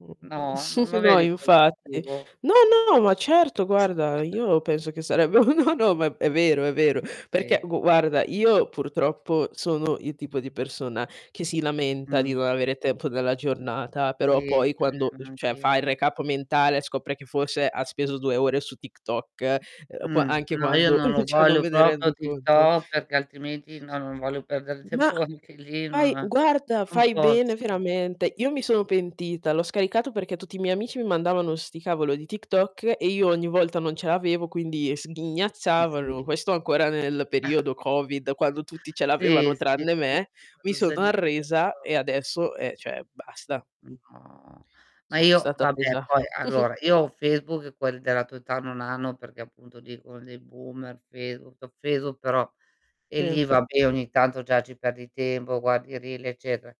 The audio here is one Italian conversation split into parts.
No, non lo No vedi infatti. positivo? No, no, ma certo guarda io penso che sarebbe no, no ma è vero, è vero perché Sì. gu guarda io purtroppo sono il tipo di persona che si lamenta di non Mh. avere tempo nella giornata Sì, però è poi quando vero uhm, f cioè fa neanch'io, il no. recap mentale scopre che forse ha speso 2 ore su TikTok, uhm, qu Mh, anche no, io quando non lo cioè, non voglio me ne proprio rendo conto. TikTok perché altrimenti no, non voglio perdere Ma, tempo anche lì, fai non a guarda non fai bene posso. veramente. Io mi sono pentita, l'ho scaricato perché tutti i miei amici mi mandavano 'sti cavolo di TikTok e io ogni volta non ce l'avevo quindi Ma sghignazzavano. sì. Questo ancora nel periodo covid quando tutti ce Sì, l'avevano sì, tranne sì, me, sì mi quando sono senti arresa [unintelligible] e adesso, eh, cioè basta, Ma mh. no, ma Sono io stata vabbè presa poi allora io ho Facebook e quelli della tua età non hanno perché appunto dicono dei boomer Facebook, Facebook però e Sì. lì vabbè ogni tanto già ci perdi tempo, guardi i reel eccetera.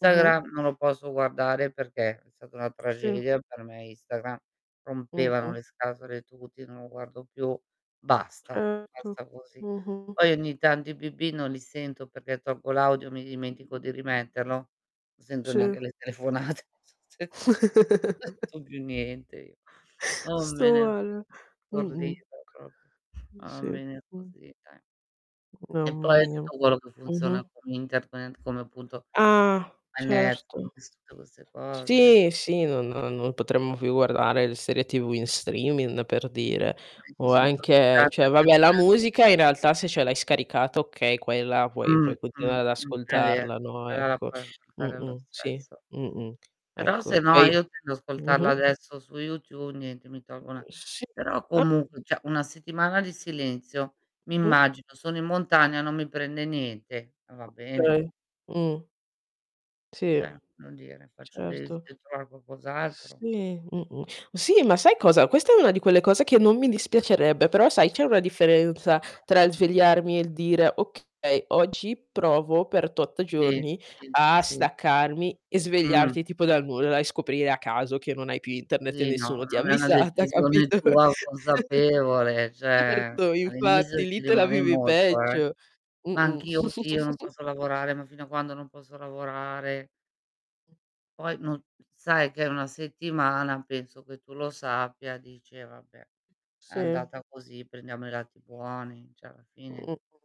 Mh-mh. non lo posso guardare perché è stata una Sì. tragedia per me Instagram, rompevano Mh-mh. le scatole tutti, non lo guardo più, basta, Certo, basta così. mh-mh. Poi ogni tanto i bip-bip non li sento perché tolgo l'audio, mi dimentico di rimetterlo, non sento Sì. neanche le telefonate. [unintelligible] Non sento non sento più niente io. Sto [unintelligible] male. Mh-mh. stordita proprio. Mh, Ma va sì, bene mh. così, dai. E Mamma poi mia. tutto quello che funziona Mh-mh. con internet, con come appunto, Ah, eh certo. Netflix tutte queste cose. Sì, sì non non potremmo più guardare le serie TV in streaming per dire Puoi o anche disintossicarti cioè, anche vabbè tu, la eh. musica in realtà se ce l'hai scaricata okay, quella puoi Mh, puoi mh, continuare ad mh, è vero, ascoltarla no, però la ecco. puoi ascoltare lo Mh-mh, sì, stesso. mh-mh, Però ecco, se e no i io tendo ad ascoltarlo mh-mh. adesso su YouTube niente mi tolgo 'na Mhmm, sì, però ah. comunque cioè, 1 settimana di silenzio mi Mh-mh. immagino, sono in montagna non mi prende niente, eh va bene. Okay. mh. E Sì. ce non dire, faccio de Certo. devi trovare qualcos'altro. Sì, mh-mh. Sì, ma sai cosa, questa è una di quelle cose che non mi dispiacerebbe, però sai c'è una Ma differenza tra il infatti. svegliarmi e il dire: "Okay, oggi provo per tot Sì, giorni sì, a sì. staccarmi" e Mh. svegliarti tipo dal nulla e scoprire a caso che non hai più Internet e Sì, no, nessuno ti ha non è una avvisata decisione capito? tua consapevole cioè, Certo all'inizio infatti lì ci te la rimane vivi molto, eh. peggio. Ma Mh-mh. anch'io "Oddio non posso lavorare, ma fino a quando non posso lavorare." Poi non sai che è 1 settimana penso che tu lo sappia, dici: "Eh, vabbè è Sì. andata così prendiamo i lati buoni," cioè, alla fine Mh.